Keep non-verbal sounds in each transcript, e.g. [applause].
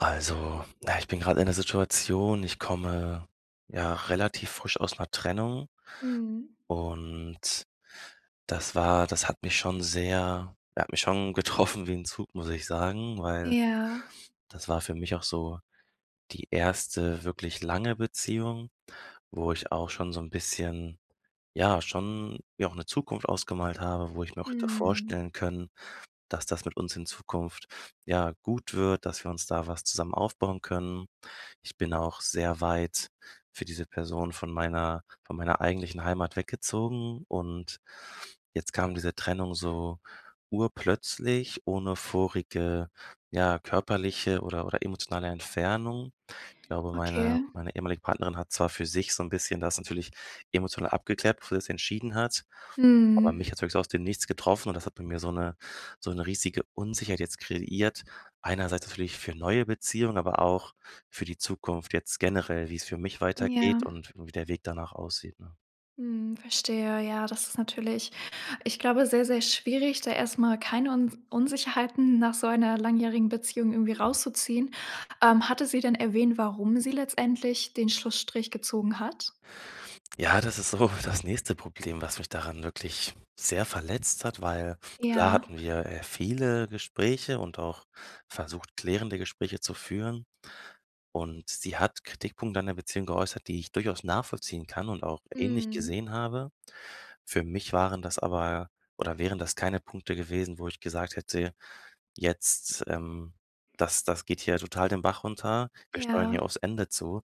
Also, na ja, ich bin grad in 'ner Situation, ich komme, ja, relativ frisch aus 'ner Trennung Mhm. und das war das hat mich schon sehr ja, hat mich schon getroffen wie 'n Zug, muss ich sagen, weil Ja. das war für mich auch so die 1. wirklich lange Beziehung, wo ich auch schon so 'n bisschen ja, schon mir auch 'ne Zukunft ausgemalt habe, wo ich mir auch hätte Mhm. vorstellen können, dass das mit uns in Zukunft, ja, gut wird, dass wir uns da was zusammen aufbauen können. Ich bin auch sehr weit für diese Person von meiner von meiner eigentlichen Heimat weggezogen und jetzt kam diese Trennung so urplötzlich ohne vorige, ja, körperliche oder oder emotionale Entfernung. Ich glaube, meine Okay. meine ehemalige Partnerin hat zwar für sich so 'n bisschen das natürlich emotional abgeklärt, bevor sie das entschieden hat, aber Mhm. mich hat's wirklich so aus dem Nichts getroffen und das hat bei mir so 'ne so 'ne riesige Unsicherheit jetzt kreiert. Einerseits natürlich für neue Beziehungen, aber auch für die Zukunft, jetzt generell, wie's für mich weitergeht Ja. und wie der Weg danach aussieht, ne? Mhm. Verstehe. Ja, das ist natürlich ich glaube, sehr, sehr schwierig, da erst mal keine Uns Unsicherheiten nach so einer langjährigen Beziehung irgendwie Mhm. rauszuziehen. Ähm, hatte sie denn erwähnt, warum sie letztendlich den Schlussstrich gezogen hat? Ja, das ist so das nächste Problem, was mich daran wirklich sehr verletzt hat, weil klar Ja. hatten wir, äh, viele Gespräche und auch versucht, klärende Gespräche zu führen. Und sie hat Kritikpunkte an der Beziehung geäußert, die ich durchaus nachvollziehen kann und auch ähnlich Mhm. gesehen habe. Für mich waren das aber oder wären das keine Punkte gewesen, wo ich gesagt hätte: „Jetzt, ähm, das das geht hier total den Bach runter. Wir steuern hier Ja. aufs Ende zu.“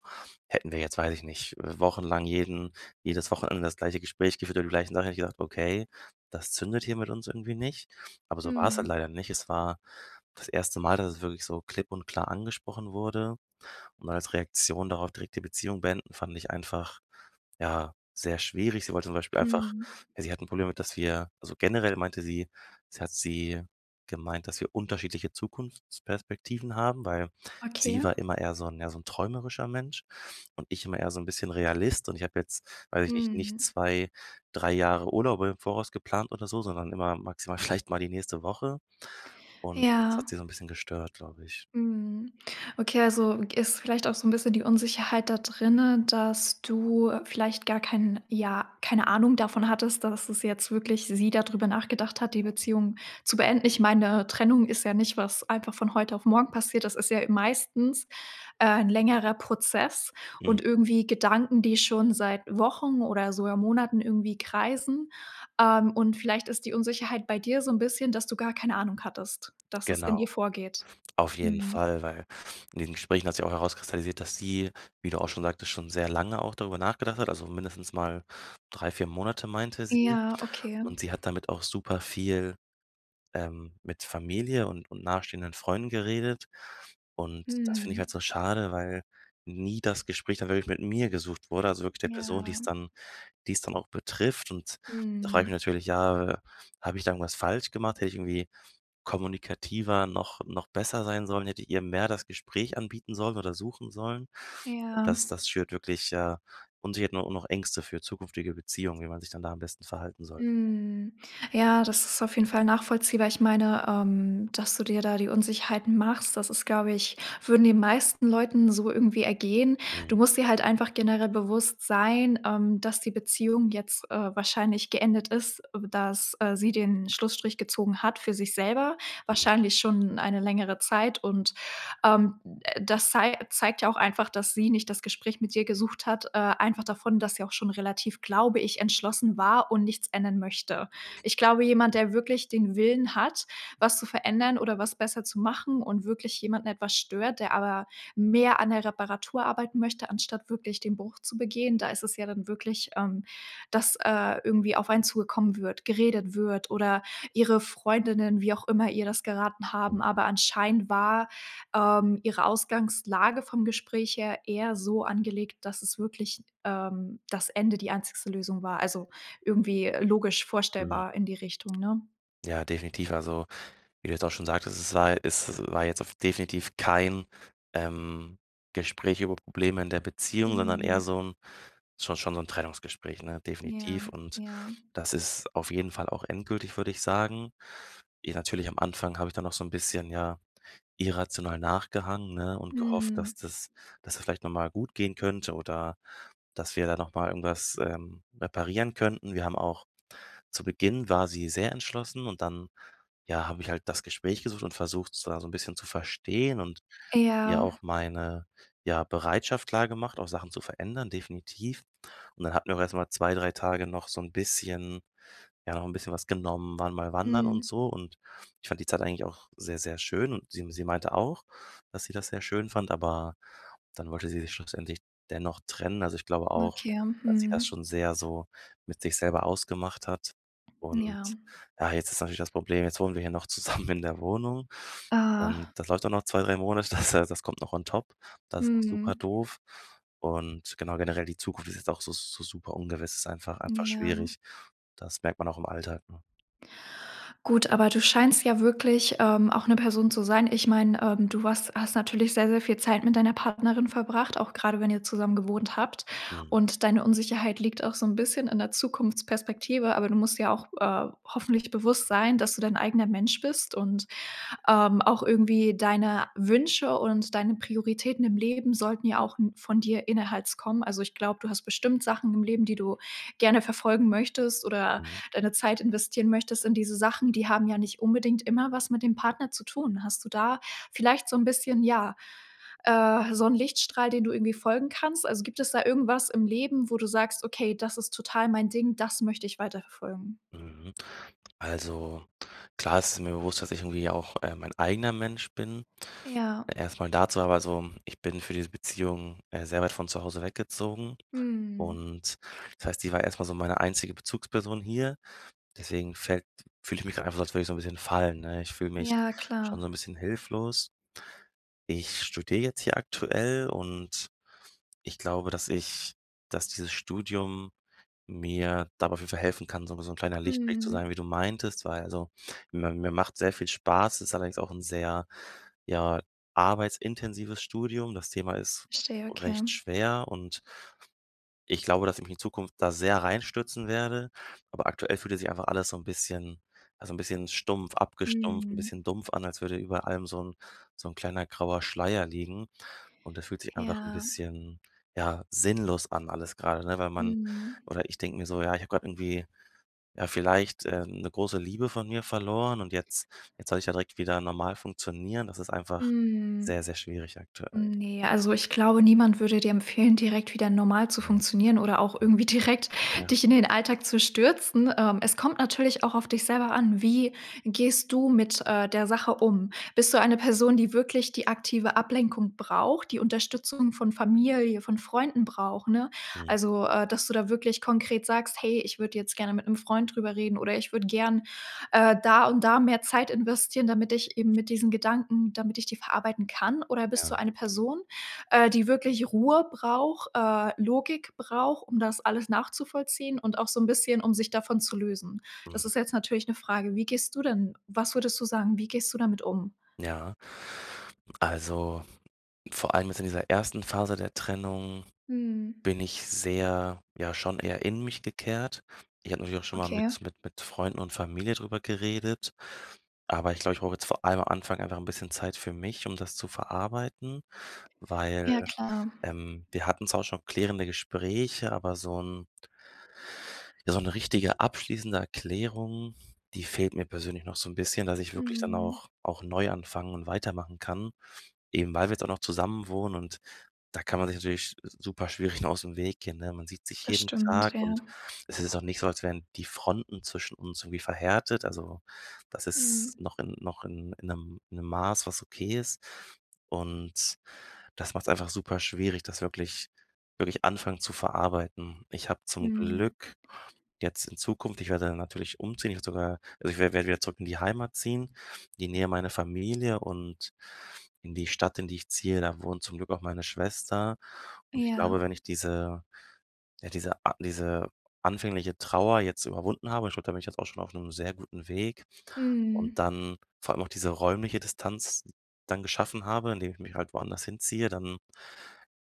Hätten wir jetzt- weiß ich nicht- äh, wochenlang jeden jedes Wochenende das gleiche Gespräch geführt über die gleichen Sachen, hätte ich gesagt, okay, das zündet hier mit uns irgendwie nicht. Aber so war's halt Mhm. leider nicht. Es war das 1. Mal, dass es wirklich so klipp und klar angesprochen wurde und als Reaktion darauf direkt die Beziehung beenden, fand ich einfach, ja, sehr schwierig. Sie wollte zum Beispiel einfach Mhm. ja, sie hat 'n Problem damit, dass wir also, generell meinte sie sie hat sie gemeint, dass wir unterschiedliche Zukunftsperspektiven haben, weil Okay. sie war immer eher so 'n ja, so 'n träumerischer Mensch und ich immer eher so 'n bisschen Realist und ich habe jetzt, weiß ich nicht, nicht Mhm. 2, 3 Jahre Urlaube im Voraus geplant oder so, sondern immer maximal vielleicht mal die nächste Woche und das hat Ja. sie so 'n bisschen gestört, glaube ich. Mhm. Okay also, g ist vielleicht auch so 'n bisschen die Unsicherheit da drinnen, dass du vielleicht gar keinen ja, keine Ahnung davon hattest, dass es jetzt wirklich sie da drüber nachgedacht hat die Beziehung zu beenden. Ich meine Trennung ist ja nicht was einfach von heute auf morgen passiert, das ist ja meistens, äh, 'n längerer Prozess Hm. und irgendwie Gedanken, die schon seit Wochen oder sogar Monaten irgendwie kreisen, ähm, und vielleicht ist die Unsicherheit bei dir so 'n bisschen, dass du gar keine Ahnung hattest, dass es in Genau, ihr vorgeht. auf jeden Mhm. Fall, weil in diesen Gesprächen hat sich auch herauskristallisiert, dass sie, wie du auch schon sagtest, schon sehr lange auch darüber nachgedacht hat, also, mindestens mal 3, 4 Monate meinte sie Ja, okay. und sie hat damit auch super viel, ähm mit Familie und und nahestehenden Freunden geredet und das finde ich halt Mhm. so schade, weil nie das Gespräch dann wirklich mit mir gesucht wurde, also wirklich der Person, die's Ja. dann die's dann auch betrifft und da frage ich mich Mhm. natürlich, ja, habe ich da irgendwas falsch gemacht, hätte ich irgendwie kommunikativer noch noch besser sein sollen, hätte ich ihr mehr das Gespräch anbieten sollen oder suchen sollen? Ja. Das das schürt wirklich, äh Unsicherheiten u und auch noch Ängste für zukünftige Beziehungen, wie man sich dann da am besten verhalten sollte. Mhm. Ja, das ist auf jeden Fall nachvollziehbar. Ich meine, ähm, dass du dir da die Unsicherheiten machst, das ist glaube ich würden den meisten Leuten so irgendwie ergehen. Mhm. Du musst dir halt einfach generell bewusst sein, ähm, dass die Beziehung jetzt, äh, wahrscheinlich geendet ist, dass, äh, sie den Schlussstrich gezogen hat für sich selber, Hm. wahrscheinlich schon eine längere Zeit und, ähm, das zei zeigt ja auch einfach, dass sie nicht das Gespräch mit dir gesucht hat, äh einfach davon, dass sie auch schon relativ, glaube ich, entschlossen war und nichts ändern möchte. Ich glaube, jemand, der wirklich den Willen hat, was zu verändern oder was besser zu machen und wirklich jemanden etwas stört, der aber mehr an der Reparatur arbeiten möchte, anstatt wirklich den Bruch zu begehen. Da ist es ja dann wirklich, ähm, dass, äh, irgendwie auf einen zugekommen wird, geredet wird oder ihre Freundinnen, wie auch immer ihr das geraten Hm. haben, aber anscheinend war, ähm, ihre Ausgangslage vom Gespräch her eher so angelegt, dass es wirklich, ähm das Ende die einzigste Lösung war, also, irgendwie logisch Mhm. vorstellbar in die Richtung, ne? Ja, definitiv. Also, wie du jetzt auch schon sagtest, es war es war jetzt auf definitiv kein, ähm, Gespräch über Probleme in der Beziehung, sondern eher Mhm. so 'n schon schon so 'n Trennungsgespräch, ne? Ja, Definitiv und ja. das ist auf jeden Fall auch endgültig, würde ich sagen. I natürlich am Anfang habe ich dann noch so 'n bisschen, ja, irrational nachgehangen, ne, und gehofft, dass Mhm. das dass das vielleicht noch mal gut gehen könnte oder dass wir da noch mal irgendwas, ähm, reparieren könnten. Wir haben auch zu Beginn war sie sehr entschlossen und dann, ja, habe ich halt das Gespräch gesucht und versucht sie da so 'n bisschen zu verstehen und ja Ja. auch meine, ja, Bereitschaft klargemacht, auch Sachen zu verändern, definitiv. Und dann hatten wir erst mal 2, 3 Tage noch so 'n bisschen ja, noch 'n bisschen was genommen, waren mal wandern und Mhm. so. Und ich fand die Zeit eigentlich auch sehr, sehr schön und sie m sie meinte auch, dass sie das sehr schön fand, aber dann wollte sie sich schlussendlich dennoch trennen. Also, ich glaube auch, Okay, dass sie das mhm. schon sehr so mit sich selber ausgemacht hat und Ja. ja, jetzt ist natürlich das Problem, jetzt wohnen wir hier noch zusammen in der Wohnung und Ah. das läuft auch noch 2, 3 Monate, das heißt das kommt noch on top. Das ist super Mhm. doof und genau generell die Zukunft ist jetzt auch so so super ungewiss, ist einfach einfach Ja. schwierig. Das merkt man auch im Alltag, ne? Gut aber du scheinst ja wirklich, ähm, auch 'ne Person zu sein ich meine, ähm, du warst hast natürlich sehr sehr viel Zeit mit deiner Partnerin verbracht, auch gerade wenn ihr zusammen gewohnt habt Mhm. und deine Unsicherheit liegt auch so 'n bisschen in der Zukunftsperspektive, aber du musst dir auch, äh, hoffentlich bewusst sein, dass du dein eigener Mensch bist und, ähm, auch irgendwie deine Wünsche und deine Prioritäten im Leben sollten ja auch n von dir innerherz kommen. Also, ich glaube, du hast bestimmt Sachen im Leben, die du gerne verfolgen möchtest oder Mhm. deine Zeit investieren möchtest in diese Sachen, die haben ja nicht unbedingt immer was mit dem Partner zu tun. Hast du da vielleicht so 'n bisschen, ja, äh, so 'n Lichtstrahl, den du irgendwie folgen kannst? Also, gibt es da irgendwas im Leben, wo du sagst: „Okay, das ist total mein Ding, das möchte ich weiter verfolgen." Mhm. Also klar, es ist mir bewusst, dass ich irgendwie auch, äh, mein eigener Mensch bin. Ja. Erst mal dazu, aber so, ich bin für diese Beziehung, äh, sehr weit von zu Hause weggezogen Mhm. und das heißt, sie war erst mal so meine einzige Bezugsperson hier, deswegen fällt fühle ich mich grad einfach als würde ich so 'n bisschen fallen, ne? Ich fühle mich Ja, schon klar. so 'n bisschen hilflos. Ich studiere jetzt hier aktuell und ich glaube, dass ich dass dieses Studium mir dabei auf jeden Fall helfen kann, so wie so 'n kleiner Lichtblick zu Mhm. sein, wie du meintest, weil also, mi mir machts sehr viel Spaß, ist allerdings auch 'n sehr, ja, arbeitsintensives Studium. Das Thema ist Verstehe, okay. recht schwer und ich glaube, dass ich mich in Zukunft da sehr reinstürzen werde, aber aktuell fühlt es sich einfach alles so 'n bisschen ja, so 'n bisschen stumpf abgestumpft, 'n Mhm. bisschen dumpf an, als würde über allem so 'n so 'n kleiner grauer Schleier liegen und das fühlt sich einfach 'n Ja. bisschen, ja, sinnlos an alles grade, ne, weil man Mhm. oder ich denke mir so, ja, ich habe grad irgendwie, ja, vielleicht, äh, 'ne große Liebe von mir verloren und jetzt jetzt soll ich ja direkt wieder normal funktionieren. Das ist einfach Mhm. sehr, sehr schwierig aktuell. Ne, also ich glaube, niemand würde dir empfehlen, direkt wieder normal zu Ne. funktionieren oder auch Mhm. irgendwie direkt Ja. dich in den Alltag zu stürzen. Ähm, es kommt natürlich auch auf dich selber an, wie gehst du mit, äh, der Sache um? Bist du eine Person, die wirklich die aktive Ablenkung braucht, die Unterstützung von Familie, von Freunden braucht, ne? Mhm. Also, äh, dass du da wirklich konkret sagst: „Hey, ich würde jetzt gerne mit 'nem Freund drüber reden oder ich würde gerne, äh, da und da mehr Zeit investieren, damit ich eben mit diesen Gedanken damit ich die verarbeiten kann." Oder bist du Ja. eine Person, äh, die wirklich Ruhe braucht, äh, Logik braucht, um das alles nachzuvollziehen und auch so 'n bisschen, um sich davon zu lösen? Das Mhm. ist jetzt natürlich 'ne Frage. Wie gehst du denn was würdest du sagen, wie gehst du damit um? Ja. Also, vor allem jetzt in dieser 1. Phase der Trennung Mhm. bin ich sehr, ja, schon eher in mich gekehrt. Ich habe natürlich auch schon mal Okay. mit mit mit Freunden und Familie drüber geredet, aber ich glaube, ich brauche jetzt vor allem am Anfang einfach 'n bisschen Zeit für mich, um das zu verarbeiten, weil Ja, klar. ähm, wir hatten zwar auch schon klärende Gespräche, aber so 'n ja, so 'ne richtige abschließende Erklärung, die fehlt mir persönlich noch so 'n bisschen, dass ich wirklich dann Mhm. auch auch neu anfangen und weitermachen kann, eben weil wir jetzt auch noch zusammenwohnen und da kann man sich natürlich sch super schwierig nur ausm Weg gehen, ne? Man sieht sich Das jeden stimmt, Tag ja. und es ist auch nicht so, als wären die Fronten zwischen uns irgendwie verhärtet. Also, das Mhm. ist noch in noch in in 'nem in 'nem Maß, was okay ist und das macht's einfach super schwierig, das wirklich wirklich anfangen zu verarbeiten. Ich habe zum Mhm. Glück jetzt in Zukunft ich werde dann natürlich umziehen, jetzt sogar also, ich werd werde wieder zurück in die Heimat ziehen, in die Nähe meiner Familie und in die Stadt, in die ich ziehe, da wohnt zum Glück auch meine Schwester und ich Ja. glaube, wenn ich diese, ja, diese a diese anfängliche Trauer jetzt überwunden habe, ich glaube, da bin ich jetzt auch schon auf 'nem sehr guten Weg und Mhm. dann vor allem auch diese räumliche Distanz dann geschaffen habe, indem ich mich halt woanders hinziehe, dann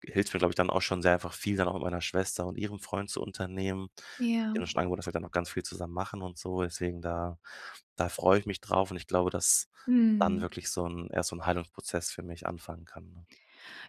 hilft's mir, glaube ich, dann auch schon sehr einfach viel dann auch mit meiner Schwester und ihrem Freund zu unternehmen. Ja. Die haben mir schon angeboten, dass wir dann auch ganz viel zusammen machen und so, deswegen da da freue ich mich drauf und ich glaube, dass dann Mhm. wirklich so 'n erst so 'n Heilungsprozess für mich anfangen kann, ne?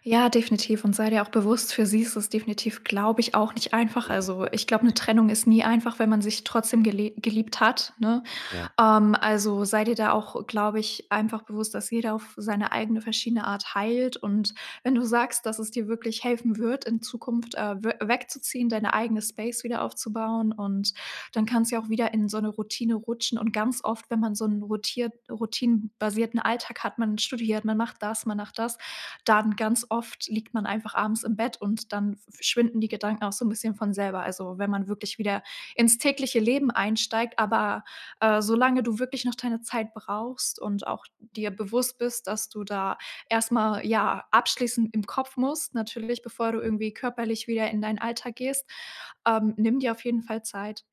Ja, definitiv und sei dir auch bewusst für sie ist es definitiv glaube ich auch nicht einfach. Mhm. Also, ich glaube 'ne Ne. Trennung ist nie einfach, wenn man sich trotzdem gele geliebt hat, ne? Ja. Ähm, also, sei dir da auch glaube ich einfach bewusst, dass jeder auf seine eigene verschiedene Art heilt und wenn du sagst, dass es dir wirklich helfen wird in Zukunft äh, wö wegzuziehen, deine eigene Space wieder aufzubauen und dann kann's ja auch wieder in so 'ne Routine rutschen und ganz oft, wenn man so 'n rotiert routinen-basierten Alltag hat, man studiert, man macht das, man macht das, dann ganz oft liegt man einfach abends im Bett und dann v verschwinden die Gedanken auch so 'n bisschen von selber. Also, wenn man wirklich wieder ins tägliche Leben einsteigt, aber, äh, solange du wirklich noch deine Zeit brauchst und auch dir bewusst bist, dass du da erst mal, ja, abschließen im Kopf musst, natürlich bevor du Mhm. irgendwie körperlich wieder in dein Alltag gehst. Ähm, nimm dir auf jeden Fall Zeit.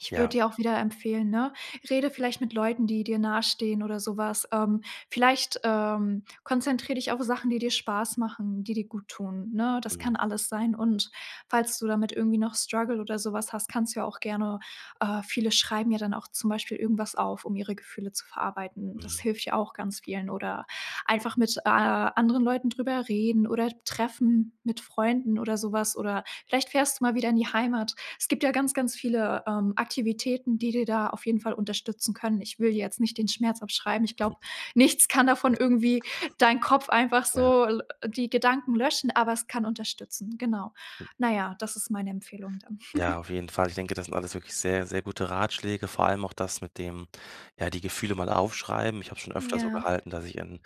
Ich würde Ja. dir auch wieder empfehlen, ne, rede vielleicht mit Leuten, die dir nahestehen oder so was. Ähm, vielleicht, ähm, konzentriere dich auf Sachen, die dir Spaß machen, die dir gut tun, ne? Das Mhm. kann alles sein und falls du damit irgendwie noch Struggle oder so was hast, kannst du ja auch gerne äh, viele schreiben ja dann auch zum Beispiel irgendwas auf, um ihre Gefühle zu verarbeiten. Das Mhm. hilft ja auch ganz vielen oder einfach mit, äh, a anderen Leuten drüber reden oder treffen mit Freunden oder so was oder vielleicht fährst du mal wieder in die Heimat. Es gibt ja ganz, ganz viele, ähm, Aktivitäten, die dir da auf jeden Fall unterstützen können. Ich will dir jetzt nicht den Schmerz abschreiben. Ich glaube, nichts kann davon [chuckles] irgendwie deinen Kopf einfach Ja. so l die Gedanken löschen, aber es kann unterstützen, genau. [chuckles] Na ja, das ist meine Empfehlung dann. Ja, [chuckles] auf jeden Fall. Ich denke, das sind alles wirklich sehr, sehr gute Ratschläge, vor allem auch das mit dem, ja, die Gefühle mal aufschreiben. Ich habe schon öfter so Ja. gehalten, dass ich in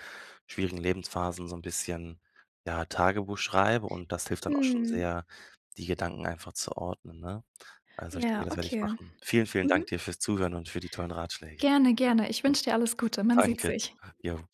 schwierigen Lebensphasen so 'n bisschen, ja, Tagebuch schreibe und das hilft dann auch schon Mhm. sehr, die Gedanken einfach zu ordnen, ne? Also, ich denke, Ja, das werde ich okay. machen. Vielen, vielen Dank Mhm. dir fürs Zuhören und für die tollen Ratschläge. Gerne, gerne, ich wünsche dir alles Gute, man [chuckles] sieht Danke. sich. Ja.